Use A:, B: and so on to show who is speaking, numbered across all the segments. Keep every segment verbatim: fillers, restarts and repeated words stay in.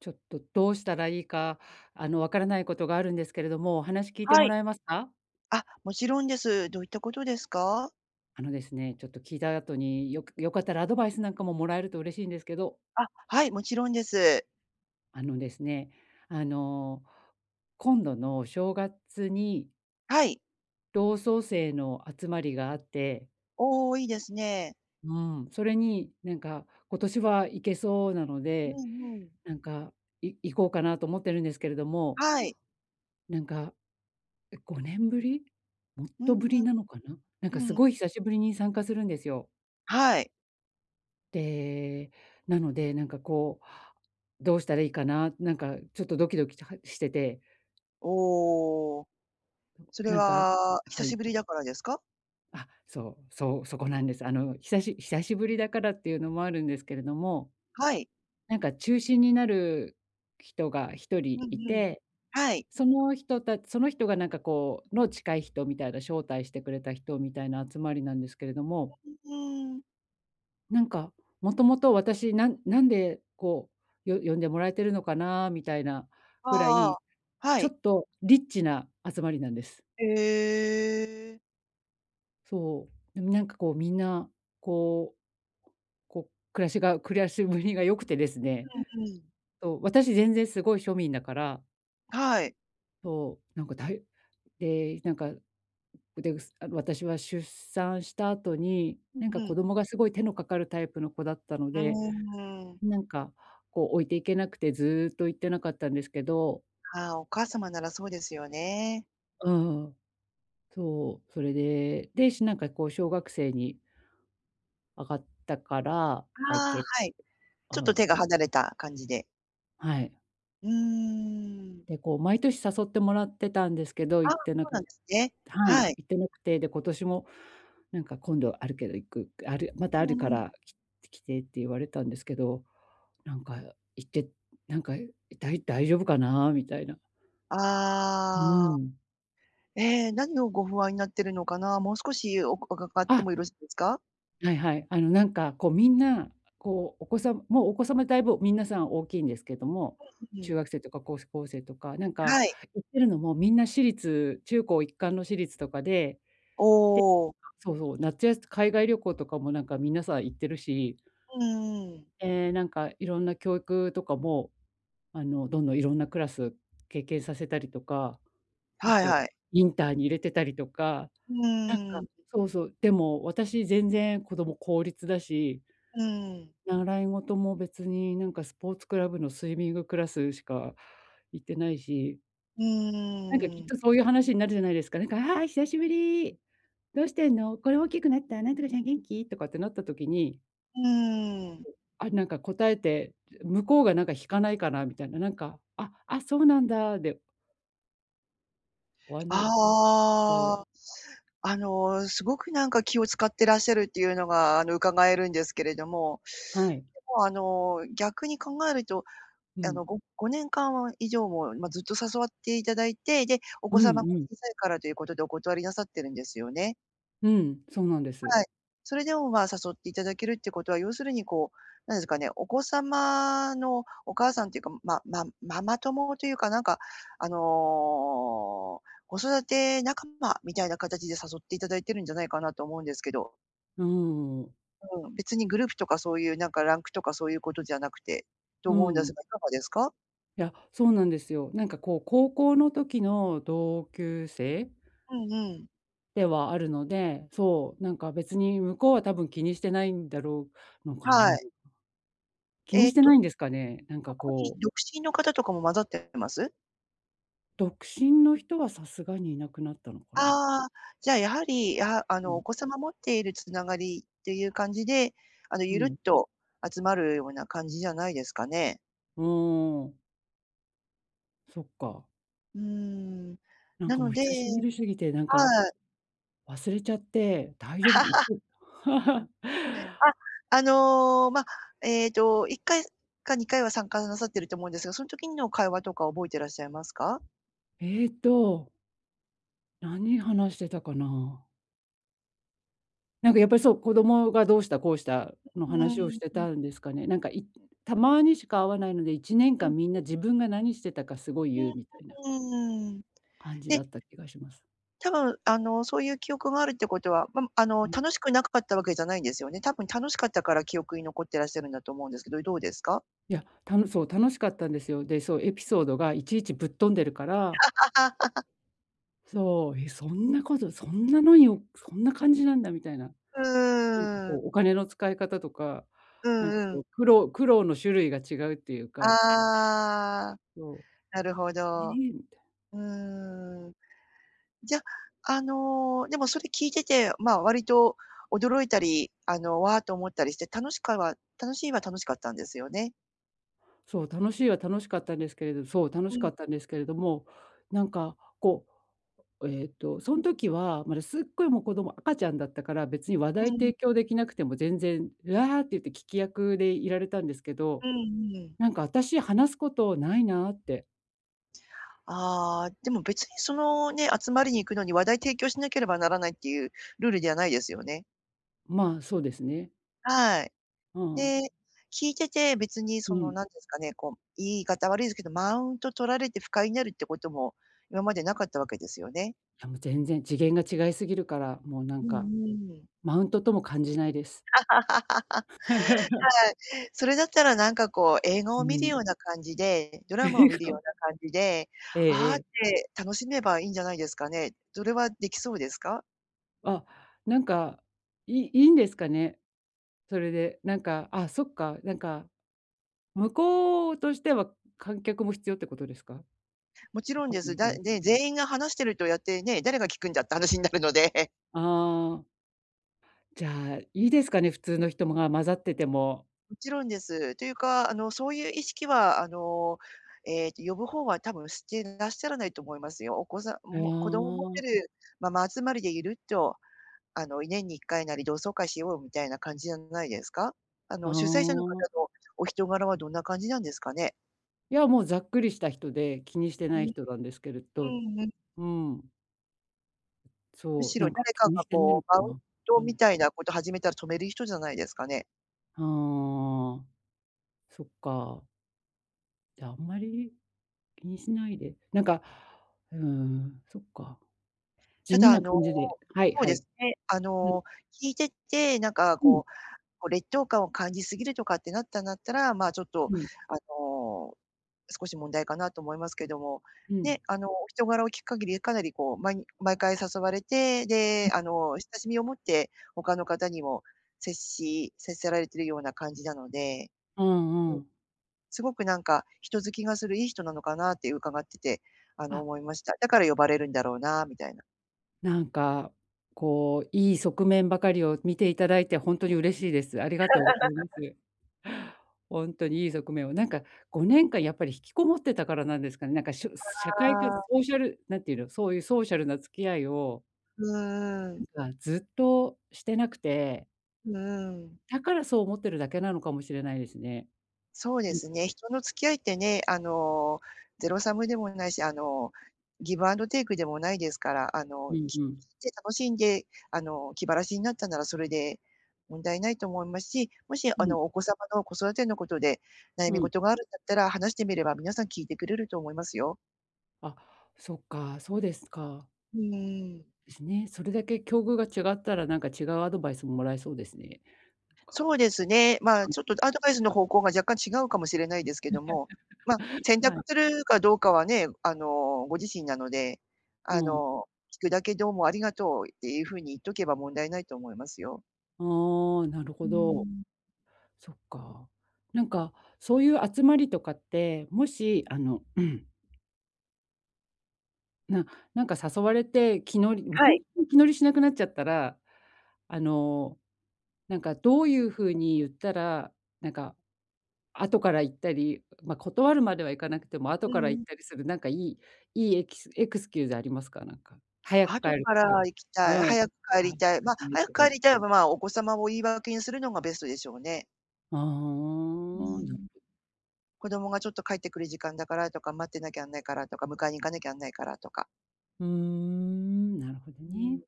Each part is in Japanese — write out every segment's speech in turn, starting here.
A: ちょっと、どうしたらいいか、あの、わからないことがあるんですけれども、お話聞いて
B: は
A: も
B: い。
A: らえますか？
B: あ、もちろんです。どういったことですか？
A: あのですね、ちょっと聞いた後によく良かったらアドバイスなんかももらえると嬉しいんですけど。
B: あ、はい、もちろんです。
A: あのですね、あの、今度の正月に
B: はい。
A: 同窓生の集まりがあって
B: おお、いいですね。
A: うーん。それに、なんか今年は行けそうなの
B: う
A: で、
B: んうん。
A: なんか、い行こうかなと思ってるんですけれども
B: はい。
A: なんか、え、ごねんぶり、もっ
B: うん
A: とぶ
B: うん、
A: り
B: う
A: なのかな、なんか
B: う
A: す
B: ん。
A: ごい久しぶりに参加するんですよ。
B: はい。
A: で、なので、なんかこう、どうしたらいいかな、なんかちょっとドキドキとはしてて
B: おお。
A: うん。
B: それ
A: なんか
B: は、久
A: は
B: し
A: い。
B: ぶりだからですか？
A: あ、そうそう、そこなんです。あの、久し久しぶりだからっていうのもあるんですけれども、
B: はい。
A: なんか中心になるきとがひと
B: う
A: りい
B: んうん。
A: て、
B: はい。
A: その人たその人がなんかこうの近い人みたいな、招待してくれた人みたいな集まりなんですけれども
B: わ、ううーん。
A: なんか、もともと私なんなんで、こう、よ呼んでもらえてるのかな、みたいなぐら
B: ああ、
A: い、
B: は
A: ちょ
B: い。
A: っとリッチな集まりなんです。
B: へえ。
A: そう。でも、なんかこう、みんなこうこう、暮らしが暮らしぶりが良くてですね。
B: うんうん。
A: そう、私全然すごい庶民だから。
B: はい。
A: そう。なんかだいで、なんか、うでうすあの、私は出産した後に、
B: う
A: なん
B: ん
A: か、
B: う
A: 子
B: ん。
A: 供がすごい手のかかるタイプの子だったの
B: うー
A: で、
B: ん。
A: なんか、こう置いていけなくてずっと行ってなかったんですけど。
B: ああ、お母様ならそうですよね。
A: うん。そう、それで、で、しなんかこう小学生に上がったから、あい
B: ああ、
A: け
B: はい。ちょっ
A: あ
B: と
A: あ。
B: 手が離れた感じで。
A: はい。
B: うーん。
A: で、こう毎年誘ってもらってたんですけど、
B: あ
A: 行
B: あ、
A: ってな
B: そう
A: か
B: なんですね。
A: はい。行
B: はい。
A: ってなくて、で、今年も、なんか、「今度あるけど行くくあるまた
B: う
A: あるか
B: んうん。
A: ら、きつ来て」って言われたんですけど、なんか、行って、なんか、だいだいじょぶかなみたいな。う
B: ああ。
A: ーん。
B: ええ、何をご不安になってるのかな、もう少しおかがかって
A: あ。
B: もよろしいですか？
A: はいはい。あの、なんかこう、みんな、こう、お子さんもうお子様だいぶ皆さん大きいんですけども、中 学生とかこうすこうせいとか、なんか、
B: はい。
A: 行ってるのもみんな私立中高一貫の私立とかで。で、
B: おお。
A: そうそう、なつやすつ海外旅行とかも、なんか、皆さん行ってるし。
B: うんうん。
A: え、なんか、いろんな教育とかも、あの、どんどんいろんなクラス経験させたりとか。あ
B: はい
A: と、
B: はい。
A: インターに入れてたりとか。
B: う
A: なん
B: ー
A: か、
B: ん。
A: そうそう、でも、私全然子ども公立だし。
B: うーん。
A: 習い事も別に、なんか、スポーツクラブのスイミングクラスしか行ってないし。
B: う
A: なんか、きっ
B: ーん。
A: とそういう話になるじゃないですか。なんか「ああ、久しぶり。どうしてんの？これ大きくなった、なんとかちゃん元気？」とかってなった時に
B: うん。
A: あ、なんか、答えて、だ向こうが、なんか、引かないかなみたいな。なんか、ああ、そうなんだ、で終わんない
B: あ
A: と
B: あ、あの、すごく、なんか、気を使ってらっしゃるっていうのが、あの、伺えるんですけれども、
A: はい。
B: でも、あの、逆に考えると、
A: う
B: あの、
A: ん。
B: ごごねんかん以上も、まあ、ずっと誘わっていただいて、で、お
A: う
B: 子
A: ん
B: 様が
A: うん。
B: 小さいからということでお断りなさってるんですよね？
A: うん。そうなんです。
B: はい。それでも、まあ、誘っていただけるっていうことは、要するに、こう、何すかね、お子様のお母さんっていうか、ママママ友というか、なんか、あの、子育て仲間みたいな形で誘っていただいてるんじゃないかなと思うんですけど。
A: うーん。
B: うん。別にグループとかそういう、なんか、ランクとかそういうことじゃなくて、と
A: う
B: 思うんです
A: ん。
B: が、いかがですか？
A: いや、そうなんですよ。なんか、こう、高校の時の同級生
B: うんうん。
A: ではあるので、そう、なんか、別に向こうは多分気にしてないんだろう、のか
B: は
A: な。
B: い。
A: 気
B: え
A: に
B: え
A: して
B: と、
A: ないんですかね？なん
B: そ
A: か、
B: こに
A: こう
B: 独身の方とかも混ざってます？
A: 独身の人はさすがにいなくなったのかな。
B: ああ、じゃあ、やはり、あ、あ
A: う
B: の、お
A: ん。
B: 子様持っているつながりっていう感じで、あの、
A: う
B: ゆるっ
A: ん。
B: と集まるような感じじゃないですかね。
A: うーん、おお。そっか。
B: うーん。
A: なん
B: な
A: かも
B: の
A: う
B: で
A: 久しぶりすぎて、なん
B: は
A: か
B: う。
A: 忘れちゃって、大丈夫か行っ て
B: へう、あ、あの、ま、えっと、いっかいすかにかいは参加なさってると思うんですが、そん時の会話とか覚えてらっしゃいますか？
A: えっと何話してたかな。なんかやっぱりそう、子供がどうした、こうした
B: う
A: の
B: うー
A: 話をし
B: ん、
A: て
B: うんうん。
A: たんですかね。なんかいたまにしか会わないので、いちねん
B: う
A: か
B: ん。
A: んみんな 自分が何してたかすご い言うみたいな
B: うーん。
A: 感じだ
B: で
A: った気がします。
B: たぶん、あの、そういう記憶があるってことは、ま、むあの、
A: うん。
B: 楽しくなくかったわけじゃないんですよね？たぶん楽しかったから記憶に残ってらっしゃるんだと思うんですけど、いどうですか？
A: いや、たのそう、楽しかったんですよ。で、そう、エピ ソードがいちいちぶっ飛んでるから そう、え、そんなことそんなのにをそんな感じなんだみたいな。
B: う
A: なんか
B: ー
A: こ
B: ん。
A: うお金の使い方とか、
B: う
A: なんか
B: んう
A: そ
B: ん。
A: う、苦労苦労の種類が違うっていうか
B: ああ、
A: そう
B: なるほ
A: 「え」
B: ど。
A: みたい。
B: うーん。じゃ、あの、でもそれ聞いてて、まあ、割と驚いたり、あの「わあ」と思ったりして、楽しかは楽しいは楽しかったんですよね？
A: そう、楽しいは楽しかったんですけれどそう、楽
B: う
A: しか
B: ん。
A: ったんですけれども、なんかこう、おえっと、そん時はまだすっごいもう子供赤ちゃんだったから、別に話題
B: うん。
A: 提供できなくても全然「うわ」って言って聞き役でいられたんですけ
B: う
A: ど
B: んうん。
A: 「なんか私、話すことないな」って。
B: ああ、でも別にそのね、集まりに行くのに、話題提供しなければならないっていうルールではないですよね？
A: まあ、そうですね。
B: はい。
A: あ、おお。
B: で、聞いてて別にそ
A: う
B: の
A: ん。
B: 何て言うんすかね、こう、言い方悪いですけど、マウント取られて不快になるってことも今まで無かったわけですよね？
A: いや、もう全然次元が違いすぎるから、もうな
B: う
A: ん
B: ん、う
A: か、
B: ーん。
A: マウントとも感じないです。
B: は い、それだったらなんかこう、映画
A: う
B: を観る
A: ん。
B: ような感じで、ドラマを
A: 映
B: 観る
A: 画
B: よ
A: を
B: うな感じで
A: ええ
B: 「あ
A: え
B: あ」っ
A: え。
B: て楽しめばいいんじゃないですかね。ぞれはできそうですか？
A: あ、なんか、いいいんですかね、それで。なんか、あ、そっか、なんか、向こうとしては、観客も必要ってことですか？
B: もち
A: わ
B: ろん
A: かん
B: で
A: な
B: す。
A: いけ
B: だ
A: ど。
B: で、全員が話しているとやってね、「誰が聞くんだ」って話になるので。
A: ああ。じゃあ、いいですかね、普通の人もが、混ざってても。
B: もちろんです。というか、あの、そういう意識はあの、ええと、呼ぶ方は多分してらっしゃらないと思いますよ。お子さん
A: あ
B: も、子供持って
A: あ。
B: るママ集まりでいると、あの、年にいっかいなり、「同窓会しよう」みたいな感じじゃないですか？あ
A: あ
B: の、主催者の方
A: あ。
B: のお人柄はどんな感じなんですかね？
A: いや、もうざっくりした人で、気にしてない
B: う
A: 人なんですけれど。う
B: ーん。
A: ーん。
B: む
A: そう、
B: し
A: な
B: ろ、
A: んか
B: 誰か
A: 気に
B: が、
A: してない
B: こ
A: の
B: う、
A: か
B: マウン
A: な。わ
B: ト
A: かんな
B: み
A: い。
B: たいなこと始めたら、止める人じゃないですかね？
A: はあ。そっか。じゃあ、あんまり、気にしないで、なんか、うーん、そっか。地
B: た
A: 味
B: だ、あ
A: な
B: の、
A: 感じで。はい
B: そう
A: は
B: で
A: い。
B: すね。あ
A: うん。
B: の、聞いてて、なんか、
A: うん。
B: こうこう、劣等感を感じすぎるとかってなったんだったら、まあ、ちょっと、
A: うん。
B: あの、少し問題かなと思いますけども、
A: うん。
B: ね。あの、お人柄を聞く限り、かなり、こう、まに毎回誘われて、
A: う
B: で、あの、親しみを持って、他の方にも、接し接せられているような感じなので、
A: うん
B: う
A: う
B: ん。
A: ん。
B: すごく、なんか、人好きがするいい人なのかなって伺ってて、あの、
A: あ。
B: 思いました。だから呼ばれるんだろうな、みたいな。
A: なんか、こういい側面ばかりを見て頂いてほんとに嬉しいです。ありがとうございま す。ほんとに、いい側面を、なんかごねんかんやっぱり引きこもってたからなんですかね。なんかしょす社会が、
B: ああ。
A: ソーシャルなんていうの、そういうソーシャルな付き合いを
B: うん、うーん。
A: なんかずっとしてなくて
B: うーん。
A: だから、そう思ってるだけなのかもしれないですね。
B: そうで
A: うん。
B: すね、人の付き合いってね、あの、ゼロサムでもないし、あの、ギブアンドテイクでもないですから、あ
A: う
B: の、
A: ん
B: きき
A: うん。
B: て楽しんで、あの、気晴らしになったなら、それで、問題ないと思いますし、もし
A: う
B: あ
A: ん。
B: の、お子様の子育てのことで、悩
A: う
B: み
A: ん。
B: 事があるんだったら、話してみれば皆さん聞いてくれると思いますよ。
A: あ、そっか、そうですか。
B: うーん。
A: ですね、それだけ境遇が違ったら、なんか違うアドバイスももらえそうですね。なんか。
B: そうですね、まあ、
A: は
B: ちょっ
A: い。
B: とアドバイスの方向が若干違うかもしれないですけども、ま、選
A: は
B: 択
A: い。
B: するかどうかはね、あの、ご自身なので、
A: う
B: あ
A: ん。
B: の、聞くだけどうもありがとう、っていうふうに言っとけば問題ないと思いますよ。
A: ああ、なる
B: う
A: ほ
B: ー
A: ど。
B: ん。
A: そっか。なんかそういう集まりとかって、もしあの、うん。ななんか誘われて、気乗りもう
B: は
A: ほん
B: い。
A: と気乗りしなくなっちゃったら、あの、なんかどう
B: そう
A: い
B: です
A: う風
B: か。
A: に言ったら、なんか、後から行ったり、ま、う断るまではいかなくても、後
B: うん
A: か
B: う
A: ら行
B: ん。
A: ったりするなんか良い良いエキスエクスキューズありますか？なんか。はや帰
B: 後
A: る
B: か
A: 時
B: ら
A: と
B: 行き
A: う
B: たい、
A: ん。
B: 早く帰
A: あ、
B: り
A: さ
B: たい、
A: く
B: ま、
A: え
B: 早
A: と
B: く
A: か
B: 帰りたいは、まあ、お子様を言い訳にするのがベストでしょうね。
A: あ、あ
B: うー
A: ん、な
B: ん
A: う
B: 「子供がちょっと帰ってくる時間だから」とか「待ってなきゃあんないから」とか「迎えに行かなきゃんあんないから」とか。
A: うーん、なるほど
B: うーん、ん
A: ね。
B: ん。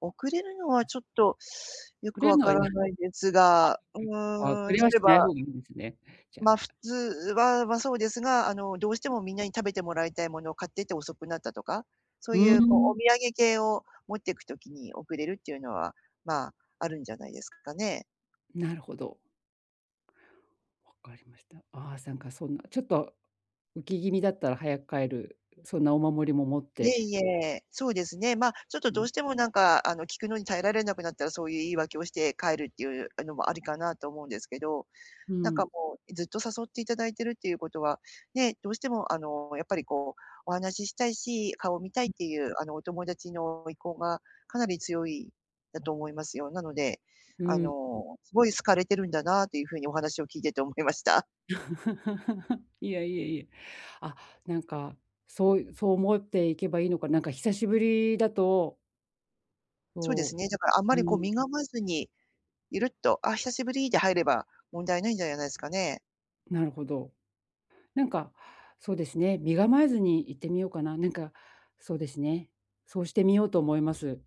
B: 遅れるのは
A: あ
B: ち
A: そ
B: ょっと、よ
A: く
B: く
A: れる
B: わ
A: の
B: か
A: はいい
B: ら
A: や。
B: ないですが、う
A: あ、うん、は
B: ー
A: そ
B: ん、
A: れ
B: 例
A: は
B: え
A: し
B: ば、
A: ない
B: あ、
A: 方がいいんですね、じゃあ。
B: ま、普通は、ま、そうですが、あの、どうして
A: うん。
B: もみんなに食べてもらいたいものを買ってて遅くなったとか、そ
A: う
B: う
A: ー
B: いうこう、お
A: ん。
B: 土産系を持ってくときに遅れるっていうのは、まあ、あるんじゃないですかね。
A: なるほど。分かりました。ああ、さんかそんな、ちょっと、浮き気味だったら早く帰る、そんなお守りも持っ
B: いえ
A: て。
B: いえ、そうですね、ま、ちょっと
A: うあ
B: ど
A: ん。
B: うしてもなんか、あの、聞くのに耐えられなくなったら、そういう言い訳をして帰るっていうのもありかなと思うんですけど、
A: う
B: なんか
A: ん。
B: もう、え、ずっと誘っていただいているっていうことは、ね、どうしてもあの、やっぱりこう、お話ししたいし、顔を見たい
A: う
B: っ
A: ん。
B: ていうあの、お友達の意向がかなり強い、だと思いますよ。なので、
A: うー
B: あ
A: ん、うん。
B: の、すごい好かれてるんだなというふうにお話を聞いてて思いました。
A: いや、いえいえ、あ、なんか、そういうそう思っていけばいいのか、なんか久しぶりだと
B: そうです
A: そ
B: ね、だからあんま
A: う。うー
B: りこう身
A: ん。
B: がまずに、ゆるっと、「あ、久しぶり」で入れば問題ないんじゃやないすかね。
A: なるほど。なんか、そうですね、身構えずに行ってみようかな。なんか、そうですね。そうしてみようと思います。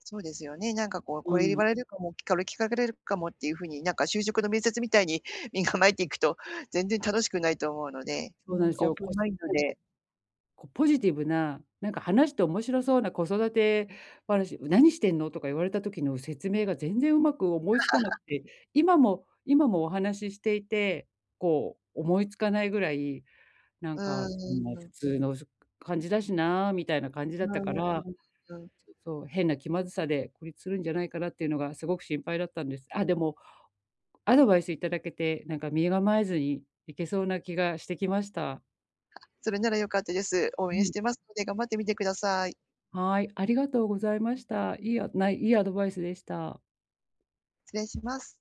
B: そうですよね、なんかこう
A: う
B: 「これ言わ
A: ん。
B: れるかも、きかる聞かれれるかも」っていうふうに、なんか就職の面接みたいに身構えていくと、全然楽しくないと思うので、うー
A: そうなん
B: ん、
A: です
B: オー
A: よ。
B: プ
A: こ
B: ン
A: し
B: マインド
A: なんか
B: で
A: こうポジティブな、なんか話して面白そうな子育て話、「う、何してんの」とか言われた時の説明が全然上手く思いつかなく て、今も今もお話ししていて、こう思いつかないぐらい、「なん
B: う
A: かそんな普
B: ーん。
A: 通の、すく感じだしな」みたいな感じだ
B: う
A: った
B: ん、
A: か
B: う
A: ら。
B: ん、うん。
A: ちょっと変な気まずさで孤立するんじゃないかなっていうのがすごく心配だったんです。あ、でも、アドバイス頂けて、なんか身構えずにいけそうな気がしてきました。
B: それなら良かったです。応
A: う
B: 援し
A: ん。
B: てますので頑張ってみてください。
A: はい、ありがとうございました。いいあないいいアドバイスでした。
B: 失礼します。